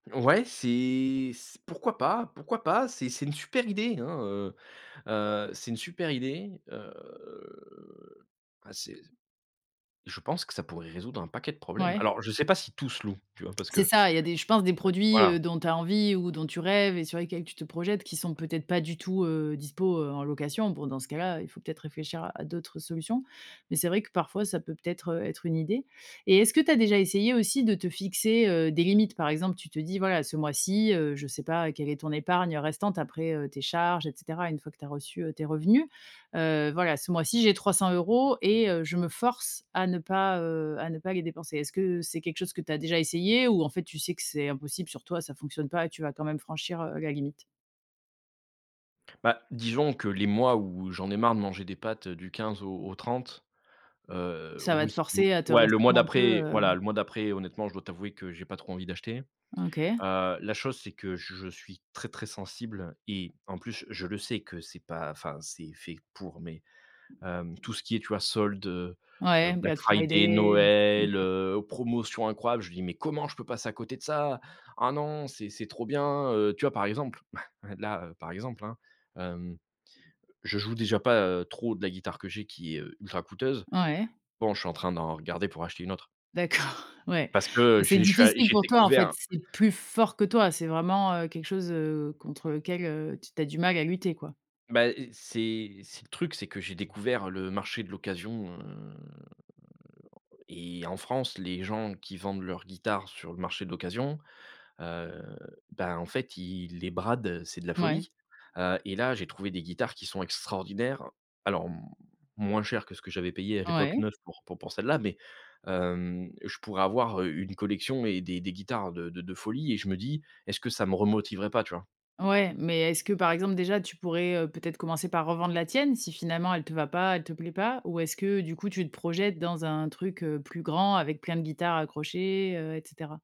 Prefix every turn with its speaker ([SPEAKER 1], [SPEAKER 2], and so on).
[SPEAKER 1] Ouais c'est, s pourquoi pas, pourquoi pas, c'est c'est une super idée, hein, heu heu, c'est une super idée, heu, ah c'est je pense que ça pourrait résoudre un paquet de problèmes.
[SPEAKER 2] Ouais.
[SPEAKER 1] Alors je sais pas si tout se loue, tu vois? Parce que,
[SPEAKER 2] C'est
[SPEAKER 1] bon,
[SPEAKER 2] ça, il y a des je pense des produits,
[SPEAKER 1] voilà.
[SPEAKER 2] heu, dont tu as envie ou dont tu rêves et sur lesquels tu te projettes, qui sont peut être, pas du tout, heu, dispo, heu, en location. Bon dans ce cas là, heu, il faut peut-être réfléchir à à d'autres solutions, mais c'est vrai que parfois, ça peut peut-être, heu, être une idée, et est ce que tu as déjà essayé aussi, de te fixer, heu, des limites? Par exemple tu te dis, voilà ce mois-ci, heu, je sais pas quelle est ton épargne, heu, restante après, heu, tes charges et cetera. Une fois que tu as reçu, heu, tes revenus, heu, voilà. Ce mois ci j'ai 300€ et heu, je me force à ne pas, heu, à ne pas les dépenser. Est-ce que c'est quelque chose que tu as déjà essayé, ou en fait, tu sais que c'est impossible sur toi, ça fonctionne pas et tu vas quand même franchir, heu, la limite?
[SPEAKER 1] Bah disons que les mois où j'en ai marre de manger des pâtes du 15 au au 30, heu,
[SPEAKER 2] Ça va te
[SPEAKER 1] oui ou
[SPEAKER 2] forcer à te
[SPEAKER 1] ouais le mois
[SPEAKER 2] restreindre un peu,
[SPEAKER 1] d'après
[SPEAKER 2] heu
[SPEAKER 1] voilà le mois d'après honnêtement, je dois t'avouer que j'ai pas trop envie d'acheter,
[SPEAKER 2] OK.
[SPEAKER 1] heu, la chose, c'est que je suis très, très sensible et en plus je le sais que c'est pas enfin c'est fait pour, mais hem, tout ce qui est, tu vois? Soldes, heu heu,
[SPEAKER 2] Ouais
[SPEAKER 1] black
[SPEAKER 2] black
[SPEAKER 1] friday,
[SPEAKER 2] friday,
[SPEAKER 1] Noël,
[SPEAKER 2] OK.
[SPEAKER 1] heu, promotion incroyable, je dis: «Mais comment je peux passer à côté de ça! Ah non c'est c'est trop bien, heu» tu vois? Par exemple bah là, par exemple hein, hem, je joue déjà pas, heu, trop de la guitare que j'ai, qui est, heu, ultra coûteuse.
[SPEAKER 2] Ouais.
[SPEAKER 1] Bon je suis en train d'en regarder, pour acheter 1 autre.
[SPEAKER 2] D'accord, ouais,
[SPEAKER 1] Parce que je
[SPEAKER 2] c'est
[SPEAKER 1] suis je suis a
[SPEAKER 2] difficile
[SPEAKER 1] j'ai
[SPEAKER 2] pour toi en fait,
[SPEAKER 1] découvert.
[SPEAKER 2] c'est plus fort que toi, c'est vraiment, heu, quelque chose, heu, contre lequel, heu, t tu as du mal à lutter, quoi.
[SPEAKER 1] Bah, et c'est c'est le truc, c'est que j'ai découvert le marché de l'occasion, heu, et en France, les gens qui vendent leurs guitares, sur le marché de l'occasion, heu, ben en fait, ils les bradent. C'est de la
[SPEAKER 2] Mouais.
[SPEAKER 1] folie, heu, et là, j'ai trouvé des guitares qui sont extraordinaires. Alors moins cher que ce que j'avais payé à l'époque
[SPEAKER 2] Ouais.
[SPEAKER 1] neuf, pour pour celle là, mais hem, je pourrais avoir une collection et des des guitares de de de folie, et je me dis, est-ce que ça me remotiverait pas, tu vois?
[SPEAKER 2] Ouais, mais est ce que par exemple déjà, tu pourrais, heu, peut être commencer par revendre la tienne, si finalement elle te va pas, elle te plaît pas? Ou est ce que du coup tu te projettes dans un truc, heu, plus grand avec plein de guitares accrochées, heu, et cetera?